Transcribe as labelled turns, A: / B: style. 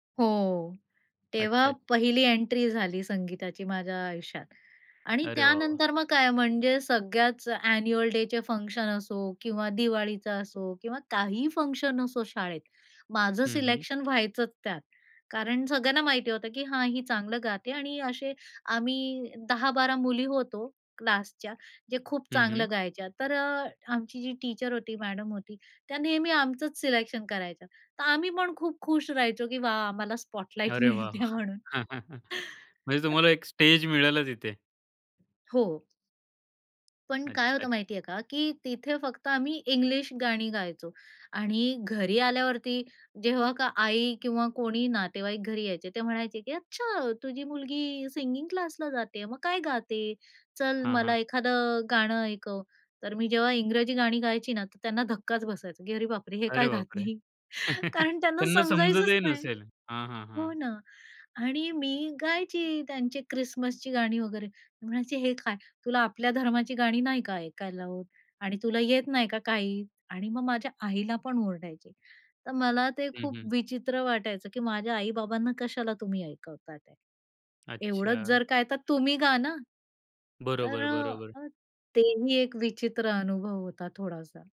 A: हो.
B: अच्छा,
A: तेव्हा
B: अच्छा.
A: पहिली एंट्री झाली संगीताची माझ्या आयुष्यात. आणि
B: अरे, वाह! वाह!
A: त्यानंतर मग काय म्हणजे सगळ्याच अ‍ॅन्युअल डे चे फंक्शन असो किंवा दिवाळीचा असो किंवा काहीही फंक्शन असो शाळेत. माझं
B: हं, हं.
A: सिलेक्शन व्हायचंच त्यात. कारण सगळ्यांना माहिती होतं, की हां, ही चांगलं गाते आणि असे आम्ही 10-12 मुली होतो क्लासच्या, जे खूप
B: हं,
A: चांगलं
B: हं.
A: गायच्या. तर अ, आमची जी टीचर होती, मॅडम होती, त्या नेहमी आमचंच सिलेक्शन करायच्या, तर आम्ही पण खूप खुश राहायचो की वा आम्हाला स्पॉटलाइट
B: अरे, वाह!
A: मिळते म्हणून.
B: म्हणजे
A: तर
B: तुम्हाला एक स्टेज मिळालाच तिथे.
A: हो. पण काय
B: अच्छा,
A: होतं
B: अच्छा.
A: माहिती आहे का, की तिथे फक्त आम्ही इंग्लिश गाणी गायचो आणि घरी आल्यावरती जेव्हा का आई किंवा कोणी नातेवाईक घरी यायचे ते म्हणायचे की "अच्छा, तुझी मुलगी सिंगिंग क्लासला जाते, मग काय गाते? चल
B: हां,
A: मला
B: हां.
A: एखादं गाणं ऐकव," तर मी जेव्हा इंग्रजी गाणी गायची ना, तर त्यांना धक्काच बसायचा, की "अरे बापरे! हे
B: अरे
A: काय
B: बापरे!
A: गाते?" कारण त्यांना
B: त्यांना
A: समजायचंच
B: समजतही
A: नाही.
B: नसेल. हां, हां,
A: हो,
B: हां.
A: ना आणि मी गायची त्यांची क्रिसमसची गाणी वगैरे. म्हणायची, "हे काय, तुला आपल्या धर्माची गाणी नाही का ऐकायला होत आणि तुला येत नाही का काही?" आणि मग माझ्या आईला पण ओरडायची. तर मला ते
B: हं,
A: खूप
B: हं.
A: विचित्र वाटायचं की माझ्या आई-बाबांना कशाला तुम्ही ऐकवतातेत. एवढंच
B: अच्छा.
A: जर काय तर तुम्ही गा ना. तर
B: बरोबर, बरोबर.
A: अ, तेही एक विचित्र अनुभव होता थोडासा.